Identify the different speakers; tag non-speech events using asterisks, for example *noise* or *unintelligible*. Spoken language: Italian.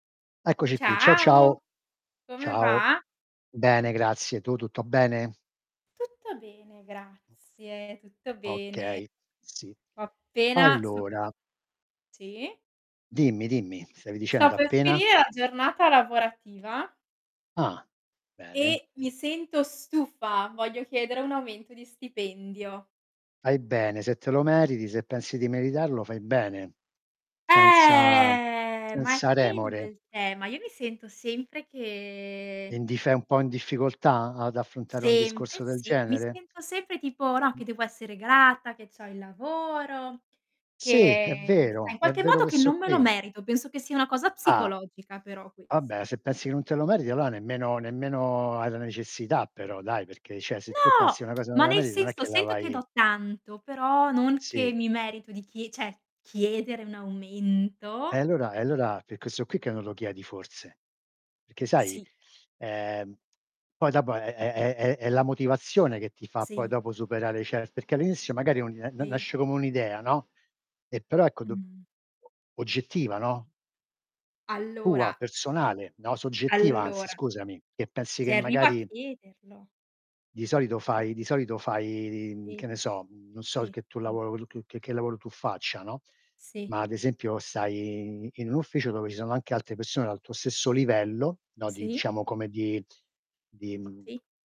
Speaker 1: Eccoci qui, ciao,
Speaker 2: Ciao,
Speaker 1: ciao.
Speaker 2: come
Speaker 1: Ciao.
Speaker 2: va?
Speaker 1: Bene, grazie, tu tutto bene?
Speaker 2: Tutto bene, grazie, tutto bene.
Speaker 1: Okay, sì.
Speaker 2: Ho appena sto per
Speaker 1: Allora
Speaker 2: *unintelligible* sì?
Speaker 1: Dimmi, dimmi. Stavi
Speaker 2: Sto
Speaker 1: dicendo:
Speaker 2: per
Speaker 1: "Appena"?
Speaker 2: finire la giornata lavorativa.
Speaker 1: Ah, bene.
Speaker 2: E mi sento stufa, voglio chiedere un aumento di stipendio.
Speaker 1: Fai bene, se te lo meriti, se pensi di meritarlo fai bene, senza
Speaker 2: Eh! Ma è
Speaker 1: senza
Speaker 2: quello
Speaker 1: remore.
Speaker 2: il tema. Io mi sento sempre
Speaker 1: E
Speaker 2: che
Speaker 1: n di sei un po' in difficoltà, ad affrontare un
Speaker 2: Sempre,
Speaker 1: discorso del
Speaker 2: sì, mi
Speaker 1: genere?
Speaker 2: sento sempre tipo, no, che devo essere grata, che c'ho il lavoro,
Speaker 1: Sì, è
Speaker 2: che sai,
Speaker 1: vero,
Speaker 2: in
Speaker 1: è
Speaker 2: qualche
Speaker 1: vero
Speaker 2: modo
Speaker 1: questo
Speaker 2: non me lo
Speaker 1: qui.
Speaker 2: merito, penso che sia una cosa
Speaker 1: Ah.
Speaker 2: psicologica però
Speaker 1: Vabbè,
Speaker 2: questa.
Speaker 1: se pensi che non te lo meriti allora nemmeno nemmeno hai la necessità però dai, perché cioè se tu
Speaker 2: No!
Speaker 1: pensi una cosa che
Speaker 2: Ma
Speaker 1: non la
Speaker 2: nel
Speaker 1: meriti non è
Speaker 2: senso,
Speaker 1: che la
Speaker 2: sento che
Speaker 1: vai
Speaker 2: do tanto, però non che
Speaker 1: Sì.
Speaker 2: mi merito di chie cioè, chiedere un
Speaker 1: Eh,
Speaker 2: aumento?
Speaker 1: allora eh, allora è per questo qui che non lo chiedi forse. Perché sai,
Speaker 2: Sì.
Speaker 1: ehm, poi dopo è è è è è la motivazione che ti fa poi
Speaker 2: Sì.
Speaker 1: dopo superare cert perché all'inizio magari *unintelligible* na
Speaker 2: Sì.
Speaker 1: nasce come un'idea, no, e però ecco, do
Speaker 2: Mh.
Speaker 1: o oggettiva, no? Tua,
Speaker 2: Allora
Speaker 1: personale, no, soggettiva anzi
Speaker 2: Allora
Speaker 1: scusami, che pensi
Speaker 2: Se
Speaker 1: che
Speaker 2: arrivo a
Speaker 1: magari
Speaker 2: chiederlo.
Speaker 1: Di solito fai di solito fai i i, mhmm, che
Speaker 2: Sì.
Speaker 1: ne so, mhmm, non so
Speaker 2: Sì,
Speaker 1: che tu
Speaker 2: dimmi.
Speaker 1: lavoro che che che lavoro tu faccia, no,
Speaker 2: Sì.
Speaker 1: ma ad esempio stai in in un ufficio, dove ci sono anche altre persone del tuo stesso livello, no, di,
Speaker 2: Sì.
Speaker 1: diciamo, come di di, mhmm
Speaker 2: Sì.